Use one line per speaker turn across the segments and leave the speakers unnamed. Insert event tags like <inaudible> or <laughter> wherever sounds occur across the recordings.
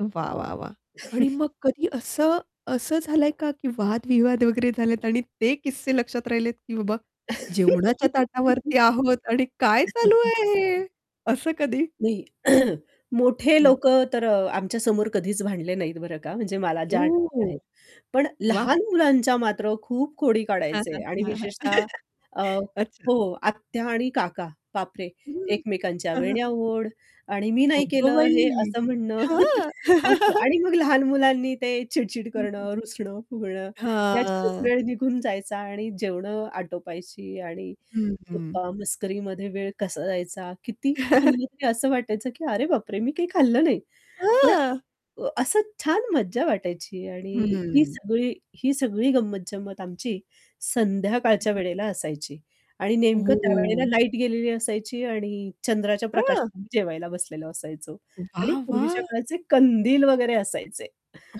वाह, वाह, वाह! आणि
<chuckles>
मग कधी असं असं झालंय का की वाद-विवाद वगैरे झालेत आणि ते किस्से लक्षात राहिलेत, की बाबा जेवणाच्या
<laughs>
ताटावरती आहोत आणि काय चालू
<unintelligible>
आहे हे? असं कधी?
नाही <clears throat> मोठे
हं.
लोकं तर आमच्या समोर कधीच भांडले नाहीत बरं का, म्हणजे मला ज्या आठवणी
ओह!
आहेत. पण
वाह!
लहान मुलांच्या मात्र खूप खोडी
हां,
काढायचे
हां.
आणि
हां, हां.
विशेषतः अ,
<chuckles> अच्छा.
हो आत्या आणि काका बाप रे!
हं.
एकमेकांच्या
हां,
वेण्या
हां.
ओढ आणि मी नाही
अगं
केलं हे
बाई!
असं म्हणणं <chuckles>
हां
असं.
<chuckles>
आणि मग लहान मुलांनी ते चिड-चिड
हं, हं.
करणं, रुसणं फुगणं ह्याच्यातच
हां.
वेळ निघून जायचा आणि जेवण आटोपायची आणि
हं. हं.
गप्पा, मस्करीमध्ये वेळ कसा जायचा? किती
<chuckles>
खाल्लं तरी असं वाटायचं की "अरे बापरे! मी काही खाल्लं नाही." पण,
हां.
अ असं छान मज्जा वाटायची आणि ही
हं.
सगळी ही सगळी गंमत-जंमत आमची संध्याकाळच्या
<unintelligible>
वेळेला असायची आणि नेमकं त्यावेळेला
हो.
लाईट गेलेली असायची आणि चंद्राच्या प्रकाशात
हां?
आम्ही जेवायला बसलेलो असायचो आणि
वाह,
पूर्वीच्या
वाह!
काळाचे कंदील वगैरे असायचे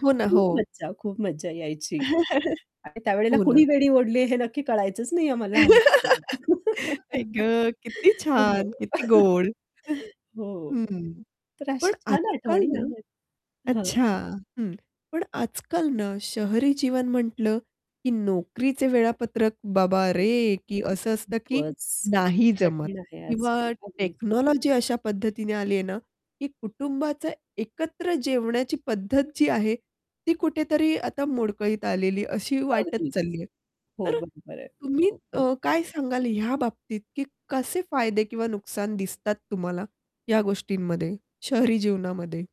हो ना,
खूप
हो.
मज्जा, खूप मज्जा यायची.
<chuckles>
आणि त्यावेळेला
हो ना.
कुणी वेणी ओढली हे नक्की कळायचंच नाही आम्हाला लहानपणी
<laughs> आई
<chuckles>
ग! किती
हो, हो.
छान, किती
<chuckles>
गोड! <chuckles>
हो.
हं.
तर अशा
पण
छान
आज-काल
आठवणी
ना
आहेत. हां.
अच्छा. हं. पण आज-काल ना शहरी जीवन म्हंटल की नोकरीचे वेळापत्रक बाबा रे! की
<unintelligible>
असं असतं की
खूपच.
नाही
खूपच
जमत
कठीण आहे
किंवा
आजकाल. अगदीच
टेक्नॉलॉजी अशा पद्धतीने आली आहे ना, की कुटुंबाच एकत्र जेवण्याची पद्धत जी आहे, ती कुठेतरी आता मोडकळीत आलेली अशी वाटत
अगदीच.
चालली आहे.
हो,
तर
बरोबर आहे.
तुम्ही
हो.
अ, काय सांगाल ह्या बाबतीत, की कसे फायदे किंवा नुकसान दिसतात तुम्हाला या गोष्टींमध्ये, शहरी जीवनामध्ये?